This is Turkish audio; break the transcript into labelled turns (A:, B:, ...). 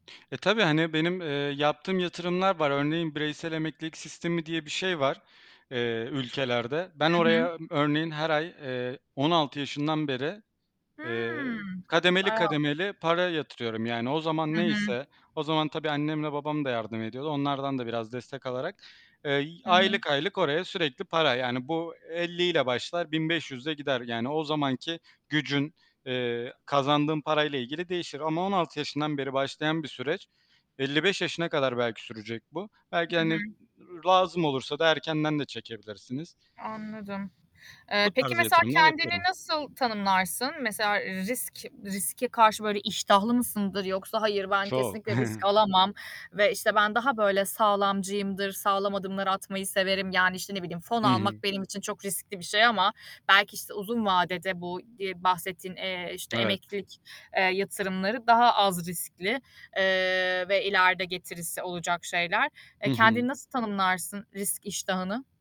A: E tabii. Hani, benim, eee, yaptığım yatırımlar var. Örneğin bireysel emeklilik sistemi diye bir şey var, eee, ülkelerde. Ben
B: Hı hı.
A: oraya örneğin her ay, eee, 16 yaşından beri, eee,
B: Hımm.
A: kademeli
B: Wow!
A: kademeli para yatırıyorum. Yani, o zaman
B: Hı hı.
A: neyse, o zaman tabii annemle babam da yardım ediyordu. Onlardan da biraz destek alarak, eee, y
B: Hı hı.
A: aylık, aylık oraya sürekli para. Yani, bu 50'yle başlar, 1.500'le gider. Yani, o zamanki gücün, eee, kazandığın parayla ilgili değişir ama 16 yaşından beri başlayan bir süreç, 55 yaşına kadar belki sürecek bu. Belki,
B: Hı hı.
A: hani, lazım olursa da erkenden de çekebilirsiniz.
B: Anladım. Eee,
A: Bu
B: peki
A: tarz
B: mesela
A: yatırımlar
B: kendini
A: yapıyorum.
B: nasıl tanımlarsın? Mesela, eee, risk riske karşı böyle iştahlı mısındır yoksa hayır ben
A: Çok.
B: kesinlikle risk alamam ve, işte, ben daha böyle sağlamcıyımdır, sağlam adımlar atmayı severim. Yani işte, ne bileyim fon
A: Hı hı.
B: almak benim için çok riskli bir şey ama belki, işte, uzun vadede bu, iii, bahsettiğin, eee, işte
A: Evet.
B: emeklilik, eee, yatırımları daha az riskli, eee, ve ileride getirisi olacak şeyler.
A: Hı
B: E,
A: hı.
B: kendini nasıl tanımlarsın risk iştahını?